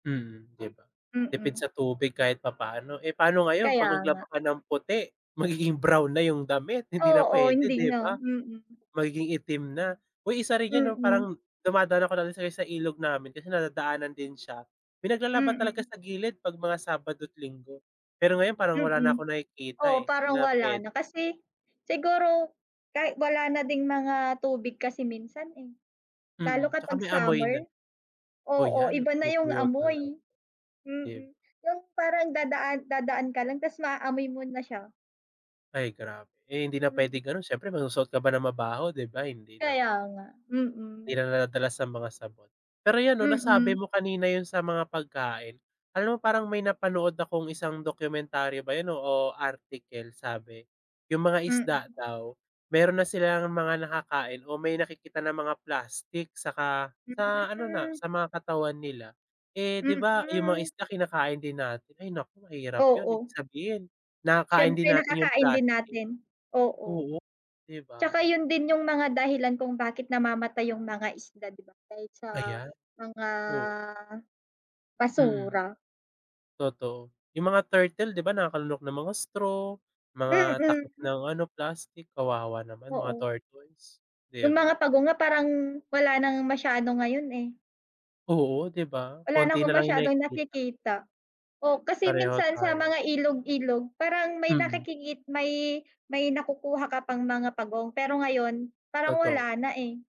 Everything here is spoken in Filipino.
Mm, 'di ba? Tipid Mm. sa tubig kahit papaano. Eh, paano ngayon pag Kaya nga. naglaba ka ng puti, magiging brown na yung damit. Hindi na Oo, pwede, hindi 'di na, ba? mm. Magiging itim na. Uy, isa rin 'yan, 'no, Mm. parang dumadaan ako non sa i sa ilog namin kasi nadadaanan din siya. May naglalaba talaga Mm. sa gilid pag mga sabado't linggo. Pero ngayon parang wala na Mm. akong nakikita, Oo, eh, 'di parang na wala na pwede. kasi siguro kay wala na ding mga tubig kasi minsan, eh. Lalo Mm, tsaka kapag may amoy na. summer. Oh, Oo, 'yan iba na yung nagtutuyot na lang. amoy. Di b Mm, yung parang dadaan dadaan ka lang tas maaamoy mo na siya. Ay grabe. Eh, hindi na Mm. pwedeng ganun siyempre magsusuot ka ba ng mabaho, 'di ba, hindi Kaya naman. nga, Hindi mm. na nadadala sa mga sabon. Pero 'yon, no, nasabi Mm. mo kanina yun sa mga pagkain. Alam mo parang may napanood akong isang dokumentaryo ba yun o, o article. Sabi yung mga isda Mm. daw meron na silang mga nakakain o may nakikita na mga plastik saka sa ano na Hmm. sa mga katawan nila. Eh, 'di ba, yung mga Mm. isda kinakain din natin. Ay, naku mahirap yun. Ibig Oo. sabihin nakakain din Siyempre natin yung nakakain din plastik. natin, oo. Oo, 'di ba? Tsaka yun din yung mga dahilan kung bakit namamatay yung mga isda, 'di ba, dahil sa Ayan, mga oo. Mm. basura. Totoo yung mga turtle, 'di ba, nakalunok ng mga straw, mga takip Mm. ng ano plastik kawawa naman mga Oo. tortoise, 'di Yung ba? mga pagong nga parang wala nang masyado ngayon, eh. Oo, 'di ba, Wala na konti akong na lang yung masyadong nakikita. nakikita. Oh, kasi Pareho minsan sa tayo. mga ilog-ilog parang may Mm. nakikikit may may nakukuha ka pang mga pagong pero ngayon parang Totoo. wala na, eh.